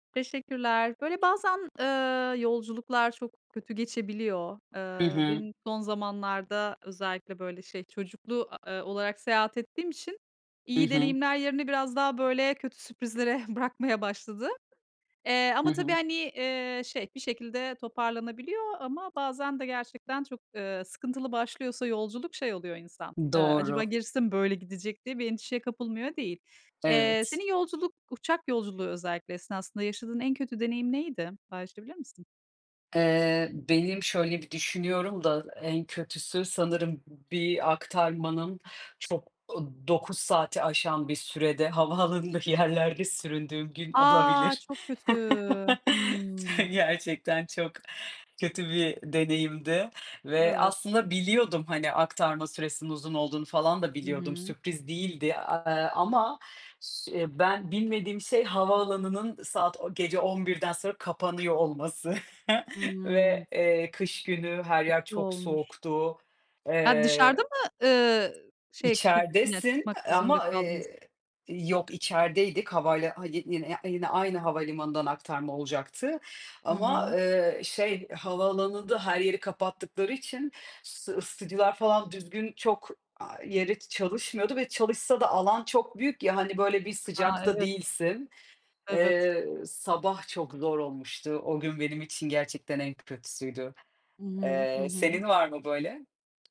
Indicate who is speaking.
Speaker 1: Teşekkürler. Böyle bazen, eee, yolculuklar çok kötü geçebiliyor.
Speaker 2: Hı
Speaker 1: Eee,
Speaker 2: hı.
Speaker 1: benim son zamanlarda özellikle, böyle şey, çocuklu, eee, olarak seyahat ettiğim için,
Speaker 2: Hı
Speaker 1: iyi
Speaker 2: hı.
Speaker 1: deneyimler yerini biraz daha böyle kötü sürprizlere bırakmaya başladı. Eee,
Speaker 2: Hı
Speaker 1: ama tabii,
Speaker 2: hı.
Speaker 1: hani, eee, şey, bir şekilde toparlanabiliyor ama bazen de gerçekten çok, eee, sıkıntılı başlıyorsa yolculuk, şey oluyor insan, eee, "Acaba
Speaker 2: Doğru.
Speaker 1: gerisi de mi böyle gidecek?" diye bir endişeye kapılmıyor değil. Eee,
Speaker 2: Evet.
Speaker 1: senin yolculuk, uçak yolculuğu özellikle esnasında yaşadığın en kötü deneyim neydi? Paylaşabilir misin?
Speaker 2: Eee, benim şöyle bir düşünüyorum da, en kötüsü sanırım b bir aktarmanın çok, ııı, 9 saati aşan bir sürede havaalanında yerlerde süründüğüm gün
Speaker 1: A!
Speaker 2: olabilir.
Speaker 1: Çok kötü!
Speaker 2: T
Speaker 1: Hımm.
Speaker 2: Gerçekten çok kötü bir deneyimdi ve
Speaker 1: Evet.
Speaker 2: aslında biliyordum, hani, aktarma süresinin uzun olduğunu falan da
Speaker 1: Hı
Speaker 2: biliyordum.
Speaker 1: hı.
Speaker 2: Sürpriz değildi, aaa, ama s ben bilmediğim şey havaalanının saat o gece 11'den sonra kapanıyor olması
Speaker 1: Hıı.
Speaker 2: ve, eee, kış günü her yer
Speaker 1: Kötü
Speaker 2: çok
Speaker 1: olmuş.
Speaker 2: soğuktu.
Speaker 1: Ha,
Speaker 2: Eee
Speaker 1: dışarıda mı ııı, şey, git ya,
Speaker 2: İçeridesin,
Speaker 1: çıkmak
Speaker 2: eee,
Speaker 1: zorunda
Speaker 2: ama,
Speaker 1: kaldınız?
Speaker 2: eee, yok, içerideydik. Havala hadi yine, ya iii, yine aynı havalimanından aktarma olacaktı
Speaker 1: Hı
Speaker 2: ama,
Speaker 1: hı.
Speaker 2: eee, şey, havaalanında her yeri kapattıkları için s ısıtıcılar falan düzgün çok, eee, yeri çalışmıyordu ve çalışsa da alan çok büyük ya, hani, böyle, bir
Speaker 1: A,
Speaker 2: sıcakta
Speaker 1: evet.
Speaker 2: değilsin.
Speaker 1: Evet.
Speaker 2: Eee, sabah çok zor olmuştu, o gün benim için gerçekten en kötüsüydü.
Speaker 1: Hı hı. Hı
Speaker 2: Eee,
Speaker 1: hı.
Speaker 2: senin var mı böyle?